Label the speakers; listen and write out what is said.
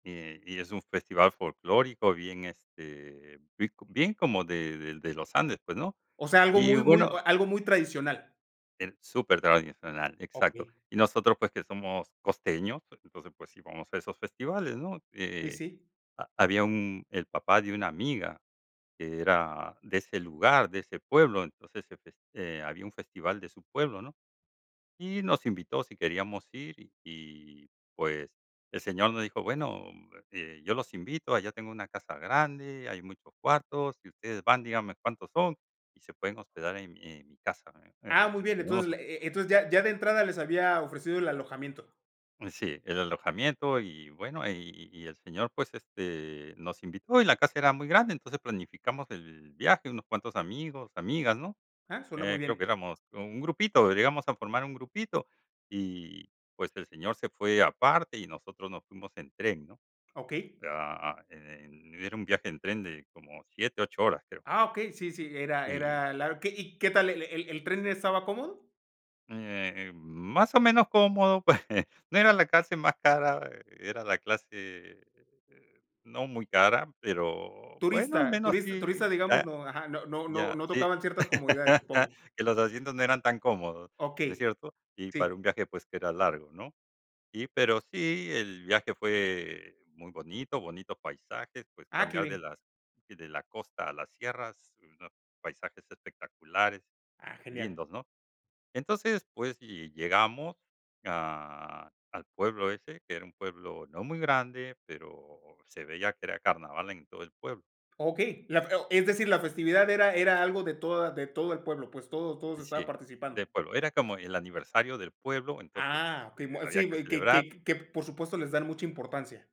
Speaker 1: Y, eh y es un festival folclórico, bien, este, bien co bien como de de de los Andes, pues, ¿no?
Speaker 2: O sea, algo,
Speaker 1: Y
Speaker 2: muy muy
Speaker 1: bueno
Speaker 2: algo, muy tradicional.
Speaker 1: el super tradicional, exacto.
Speaker 2: Okey.
Speaker 1: Y nosotros, pues, que somos costeños entonces, pues, sí vamos a esos festivales, ¿no?
Speaker 2: Uy,
Speaker 1: Eh,
Speaker 2: sí.
Speaker 1: ha había un el papá de una amiga, que era de ese lugar, de ese pueblo, entonces se feste eh, había un festival de su pueblo, ¿no? Y nos invitó si queríamos ir. Y pues, el señor nos dijo: "Bueno, eh, yo los invito, allá tengo una casa grande, hay muchos cuartos, si ustedes van, díganme cuántos son y se pueden hospedar en en mi casa".
Speaker 2: Ah, muy bien, entonces,
Speaker 1: [unintelligible]
Speaker 2: e e entonces, ya ya de entrada, les había ofrecido el alojamiento.
Speaker 1: Eh, sí, el alojamiento y bueno, y y el señor, pues, este, nos invitó, y la casa era muy grande, entonces planificamos el viaje, unos cuantos amigos, amigas, ¿no?
Speaker 2: Ah, suena muy
Speaker 1: Eh, creo que
Speaker 2: bien.
Speaker 1: éramos un grupito, llegamos a formar un grupito, y pues, el señor se fue aparte, y nosotros nos fuimos en tren, ¿no?
Speaker 2: Okey.
Speaker 1: Ah, en era un viaje en tren de como 7, 8 horas creo.
Speaker 2: Ah, okey, sí, sí, era
Speaker 1: Y
Speaker 2: era, lar que ¿y qué tal, el el tren, estaba cómodo?
Speaker 1: Eh, más o menos cómodo, pues no era la clase más cara. Era la clase no muy cara pero, bueno, al
Speaker 2: Turista
Speaker 1: menos
Speaker 2: turista turista,
Speaker 1: sí,
Speaker 2: digamos,
Speaker 1: ya
Speaker 2: no, ajá, no no no
Speaker 1: ya,
Speaker 2: no
Speaker 1: sí,
Speaker 2: tocaban, ciertas comodidades, supongo.
Speaker 1: que los asientos no eran tan cómodos, ¿no es
Speaker 2: Okey,
Speaker 1: cierto? Y para
Speaker 2: sí.
Speaker 1: un viaje, pues, que era largo, ¿no? Y pero sí, el viaje fue muy bonito, bonitos paisajes, pues,
Speaker 2: Ah, qué
Speaker 1: cambiar de
Speaker 2: bien.
Speaker 1: las de la costa a las sierras ¿no? Paisajes espectaculares,
Speaker 2: Ah, genial.
Speaker 1: lindos, ¿no? Entonces, pues, y llegamos a al pueblo ese que era un pueblo no muy grande, pero se veía que era carnaval en todo el pueblo.
Speaker 2: Okey, la fe es decir, la festividad era era algo de toda de todo el pueblo, pues, todos todos estaba
Speaker 1: Sí,
Speaker 2: participando.
Speaker 1: del pueblo, era como el aniversario del pueblo entonces,
Speaker 2: Ah,
Speaker 1: eh,
Speaker 2: okey, muy
Speaker 1: había
Speaker 2: sí,
Speaker 1: que
Speaker 2: que
Speaker 1: celebrar.
Speaker 2: que que, por supuesto, les dan mucha importancia.